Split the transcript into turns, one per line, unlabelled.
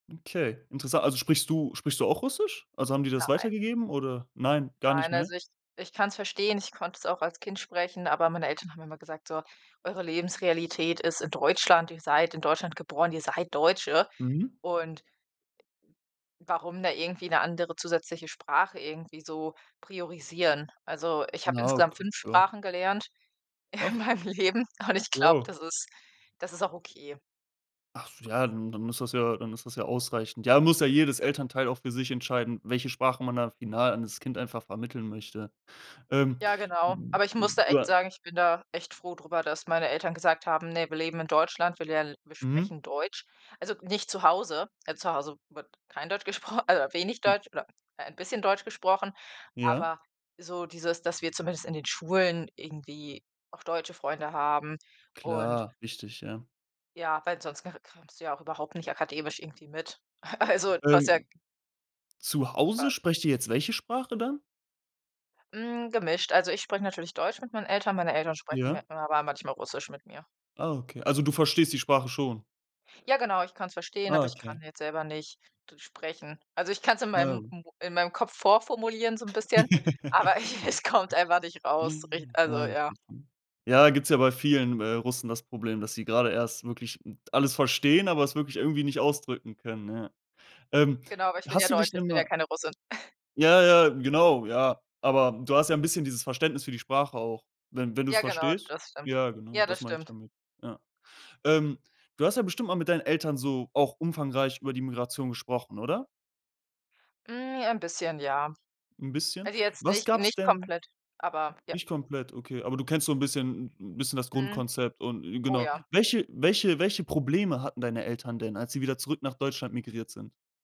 Okay, interessan also, sprichst du sprichst du auch Russisch? Also, haben die das
Nein.
weitergegeben oder nein, gar nicht
Nein,
mehr?
also ich ich kann's verstehen. Ich konnte es auch als Kind sprechen, aber meine Eltern haben immer gesagt: „So, eure Lebensrealität ist in Deutschland. Ihr seid in Deutschland geboren, ihr seid Deutsche.”
Mhm.
Und warum da irgendwie 'ne andere zusätzliche Sprache irgendwie so priorisieren. Also, ich habe
Na,
insgesamt
okay,
5
ja.
Sprachen gelernt in
Ach.
meinem Leben und ich glaube,
Ja.
das ist das ist auch okay.
Ach, so, ja, dann dann ist das ja dann ist das ja ausreichend. Ja, muss ja jedes Elternteil auch für sich entscheiden, welche Sprache man da final an das Kind einfach vermitteln möchte. Ähm,
Ja, genau.
u
Aber ich muss da
u
echt
ah
sagen: „Ich bin da echt froh drüber, dass meine Eltern gesagt haben: ‚Ne, wir leben in Deutschland, wir lern wir
Mhm.
sprechen Deutsch.‘“ Also, nicht zu Hause zu Hause wird kein Deutsch gespro also, wenig Deutsch oder ein bisschen Deutsch gesprochen,
Ja.
aber so dieses, dass wir zumindest in den Schulen irgendwie auch deutsche Freunde haben. Und
Klar, wichtig, ja.
ja, weil sonst g kr kommst du ja auch überhaupt nicht akademisch irgendwie mit. A also, du hast ja
Ähm, zu Hause
Fa
sprecht ihr jetzt welche Sprache dann?
Hm, gemischt, also, ich spreche natürlich Deutsch mit meinen Eltern, meine Eltern sprechen
Ja.
mit mir aber manchmal Russisch mit mir.
Ah, okay. Also, du verstehst die Sprache schon.
Ja genau, ich kann's verstehen,
Ah,
aber ich kann
okay.
jetzt selber nicht d sprechen. Also, ich kann's in
Na ja,
meinem
gu
m in meinem Kopf vorformulieren so 'n bisschen, aber ich es kommt einfach nicht raus, rich also, ja.
[unintelligible] Ja, gibt's ja bei vielen, äh, Russen das Problem, dass sie grade erst wirklich alles verstehen, aber es wirklich irgendwie nicht ausdrücken können, ja. Ähm,
Genau, aber ich bin ja
hast du dich
Deutsche, ich
denn
bin ja
mal
keine Russin.
ja, ja, genau, ja, aber du hast ja 'n bisschen dieses Verständnis für die Sprache auch, wenn wenn du's
Ja genau,
verstehst.
das stimmt.
Ja, genau,
Ja,
das
das
meine ich
stimmt.
damit, ja. Ähm, du hast ja bestimmt mal mit deinen Eltern so auch umfangreich über die Migration gesprochen, oder?
Hm, j ein bisschen, ja.
'N bisschen?
Also, jetzt
Was
nicht
gab's
nicht
denn
komplett, aber ja.
nicht komplett, okay, aber du kennst so 'n bisschen 'n bisschen das
Mhm.
Grundkonzept und
Oh,
genau.
ja.
Welche welche welche Probleme hatten deine Eltern denn, als sie wieder zurück nach Deutschland migriert sind?